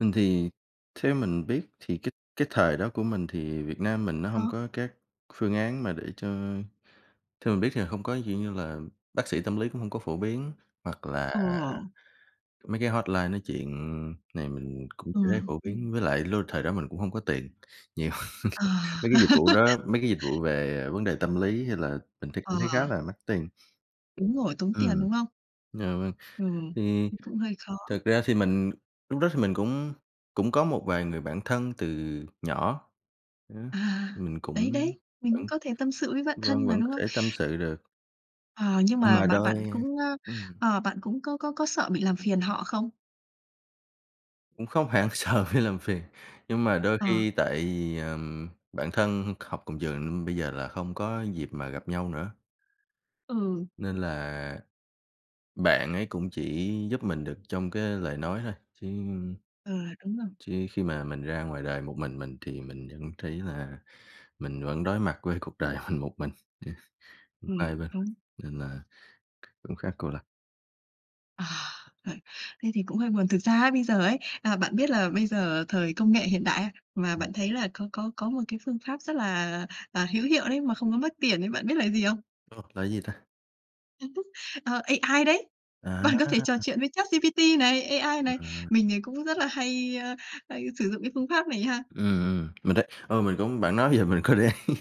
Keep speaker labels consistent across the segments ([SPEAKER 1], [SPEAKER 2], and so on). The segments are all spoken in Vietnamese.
[SPEAKER 1] Mình thì theo mình biết thì cái cái thời đó của mình thì Việt Nam mình nó
[SPEAKER 2] Ờ.
[SPEAKER 1] hông có các phương án mà để cho theo mình biết nha hông có, kiểu như là, bác sĩ tâm lý cũng hông có phổ biến. Hoặc là
[SPEAKER 2] Ờ.
[SPEAKER 1] mấy cái hotline nói chuyện này mình cũng chưa thấy
[SPEAKER 2] Ừm,
[SPEAKER 1] phổ
[SPEAKER 2] ừm.
[SPEAKER 1] biến với lại luôn thời đó mình cũng hông có tiền nhiều,
[SPEAKER 2] Ờ.
[SPEAKER 1] mấy cái dịch vụ đó, mấy cái dịch vụ về, à, vấn đề tâm lý hay là mình thấy
[SPEAKER 2] Ờ.
[SPEAKER 1] cũng thấy khá là mắc tiền.
[SPEAKER 2] Đúng rồi, tốn tiền,
[SPEAKER 1] Ừm,
[SPEAKER 2] đúng không?
[SPEAKER 1] dạ vâng,
[SPEAKER 2] Ừm,
[SPEAKER 1] thì
[SPEAKER 2] ừm, cũng hơi khó.
[SPEAKER 1] thật ra thì mình lúc đó thì mình cũng cũng có một vài người bạn thân từ nhỏ, ờ,
[SPEAKER 2] À,
[SPEAKER 1] mình
[SPEAKER 2] đấy,
[SPEAKER 1] cũng
[SPEAKER 2] đấy, mình
[SPEAKER 1] vẫn
[SPEAKER 2] cũng có thể tâm sự với bạn thân
[SPEAKER 1] vâng,
[SPEAKER 2] mà,
[SPEAKER 1] vẫn có
[SPEAKER 2] đúng không?
[SPEAKER 1] thể tâm sự được.
[SPEAKER 2] Ờ, nhưng
[SPEAKER 1] Nhưng
[SPEAKER 2] mà
[SPEAKER 1] mà
[SPEAKER 2] bạn
[SPEAKER 1] đôi
[SPEAKER 2] bạn cũng, ơ,
[SPEAKER 1] ừm.
[SPEAKER 2] ờ, bạn cũng có có có sợ bị làm phiền họ không?
[SPEAKER 1] Cũng không hẳn sợ bị làm phiền, nhưng mà đôi
[SPEAKER 2] Ờ.
[SPEAKER 1] khi tại vì, ờm, bạn thân học cùng trường nên bây giờ là không có dịp mà gặp nhau nữa.
[SPEAKER 2] Ừ.
[SPEAKER 1] Nên là bạn ấy cũng chỉ giúp mình được trong cái lời nói thôi, chứ
[SPEAKER 2] Ờ, đúng rồi.
[SPEAKER 1] chứ khi mà mình ra ngoài đời một mình mình thì mình vẫn thấy là mình vẫn đối mặt với cuộc đời mình một mình. [unintelligible] không có
[SPEAKER 2] Ừm,
[SPEAKER 1] ai bên,
[SPEAKER 2] đúng.
[SPEAKER 1] nên là cũng khá cô lập.
[SPEAKER 2] À. Ờ, thế thì cũng hơi buồn. Thực ra ấy bây giờ ấy, à, bạn biết là bây giờ thời công nghệ hiện đại, a, mà
[SPEAKER 1] Ừm.
[SPEAKER 2] bạn thấy là có có có một cái phương pháp rất là, à, hữu hiệu đấy mà không có mất tiền ấy, bạn biết là gì không?
[SPEAKER 1] Ồ, là gì ta?
[SPEAKER 2] Ờ, AI đấy.
[SPEAKER 1] À
[SPEAKER 2] Bạn có
[SPEAKER 1] há!
[SPEAKER 2] thể trò chuyện với ChatGPT này, AI này.
[SPEAKER 1] À.
[SPEAKER 2] Mình thì cũng rất là hay, ơ, hay sử dụng cái phương pháp này ha.
[SPEAKER 1] Ừm, ừm, mình thấy ừ, mình cũng bạn nói vậy mình có để ý,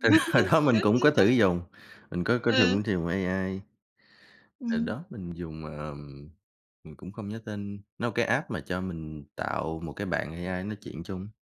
[SPEAKER 1] tại hồi đó
[SPEAKER 2] Có,
[SPEAKER 1] mình cũng
[SPEAKER 2] nếu
[SPEAKER 1] có
[SPEAKER 2] có.
[SPEAKER 1] thử dùng, mình có có
[SPEAKER 2] Ờ.
[SPEAKER 1] dùng, sử dụng AI. Hồi
[SPEAKER 2] Ừm.
[SPEAKER 1] đó mình dùng ờm, mình cũng không nhớ tên, nó cái app mà cho mình tạo một cái bạn AI nói chuyện chung.